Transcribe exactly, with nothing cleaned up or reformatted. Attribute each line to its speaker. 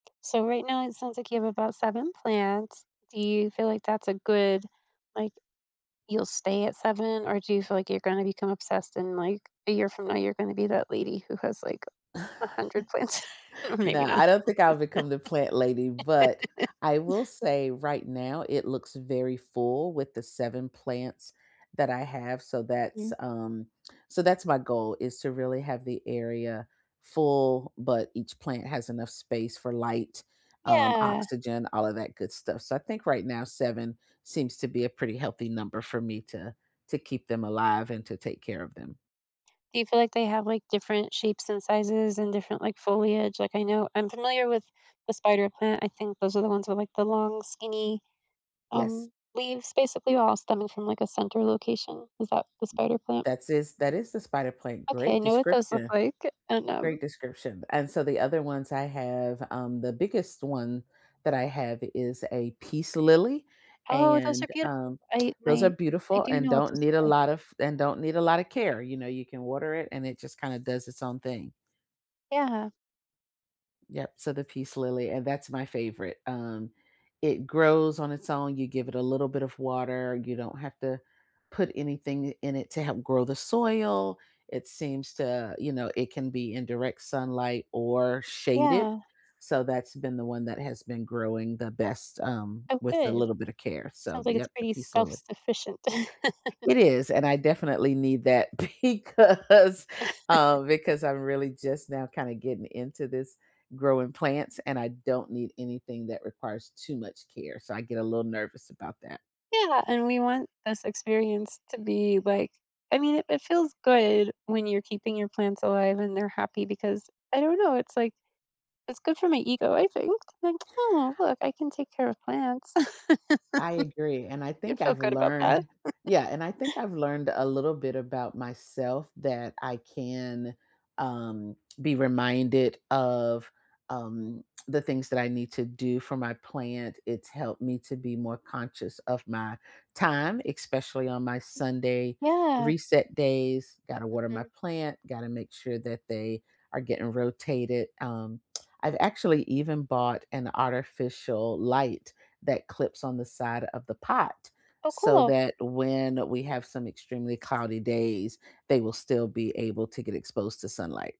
Speaker 1: So right now, it sounds like you have about seven plants. Do you feel like that's a good, like you'll stay at seven, or do you feel like you're gonna become obsessed in, like, a year from now, you're gonna be that lady who has, like, a hundred plants or
Speaker 2: No,
Speaker 1: maybe not.
Speaker 2: I don't think I'll become the plant lady, but I will say right now it looks very full with the seven plants that I have, so
Speaker 1: Mhm.
Speaker 2: that's, um so that's my goal is to really have the area full, but each plant has enough space for light, um,
Speaker 1: Yeah.
Speaker 2: oxygen, all of that good stuff. So I think right now, seven seems to be a pretty healthy number for me to to keep them alive and to take care of them.
Speaker 1: Do you feel like they have, like, different shapes and sizes and different, like, foliage? Like, I know I'm familiar with the spider plant, I think those are the ones with, like, the long skinny,
Speaker 2: Yes.
Speaker 1: um, leaves basically all stemming from, like, a center location. Is that the spider plant?
Speaker 2: That's is That is the spider plant,
Speaker 1: Okay, I
Speaker 2: great
Speaker 1: know what those look
Speaker 2: description.
Speaker 1: like and,
Speaker 2: Great
Speaker 1: um
Speaker 2: description. And so the other ones I have, um, the biggest one that I have is a peace lily,
Speaker 1: Oh, those are
Speaker 2: and,
Speaker 1: beautiful.
Speaker 2: um,
Speaker 1: I
Speaker 2: those are
Speaker 1: My I
Speaker 2: beautiful
Speaker 1: do
Speaker 2: and
Speaker 1: know what
Speaker 2: don't
Speaker 1: those
Speaker 2: need
Speaker 1: look
Speaker 2: a
Speaker 1: like.
Speaker 2: lot of and don't need a lotta care. You know, you can water it, and it just kinda does its own thing.
Speaker 1: Yeah.
Speaker 2: Yep, so the peace lily, and that's my favorite, um, it grows on its own, you give it a little bit of water, you don't have to put anything i in it to help grow the soil, it seems to you know, it can be in direct sunlight or shaded,
Speaker 1: Yeah.
Speaker 2: so that's been the one that has been growing the best, um,
Speaker 1: Oh,
Speaker 2: with a
Speaker 1: good.
Speaker 2: little bit of care. So
Speaker 1: Sounds
Speaker 2: the
Speaker 1: like it's
Speaker 2: yep, the
Speaker 1: pretty
Speaker 2: peace lily.
Speaker 1: self-sufficient.
Speaker 2: It is, and I definitely need that because uh, because I'm really just now kinda getting into this growing plants, and I don't need anything that requires too much care, so I get a little nervous about that.
Speaker 1: Yeah, and we want this experience to be, like I mean, it it feels good when you're keeping your plants alive and they're happy because I don't know, it's, like, it's good for my ego, I think. Like, "Oh, look, I can take care of plants."
Speaker 2: I agree, and I
Speaker 1: You
Speaker 2: think
Speaker 1: feel
Speaker 2: I've
Speaker 1: good about that?
Speaker 2: learned Yeah, and I think I've learned a little bit about myself that I can, um, be reminded of, um, the things that I need to do for my plant, it's helped me to be more conscious of my time, especially on my Sunday
Speaker 1: Yeah.
Speaker 2: reset days, gotta water my
Speaker 1: Mhm.
Speaker 2: plant, gotta make sure that they are getting rotated, um, I've actually even bought an artificial light that clips on the side of the pot,
Speaker 1: Oh,
Speaker 2: so
Speaker 1: cool.
Speaker 2: that when we have some extremely cloudy days, they will still be able to get exposed to sunlight.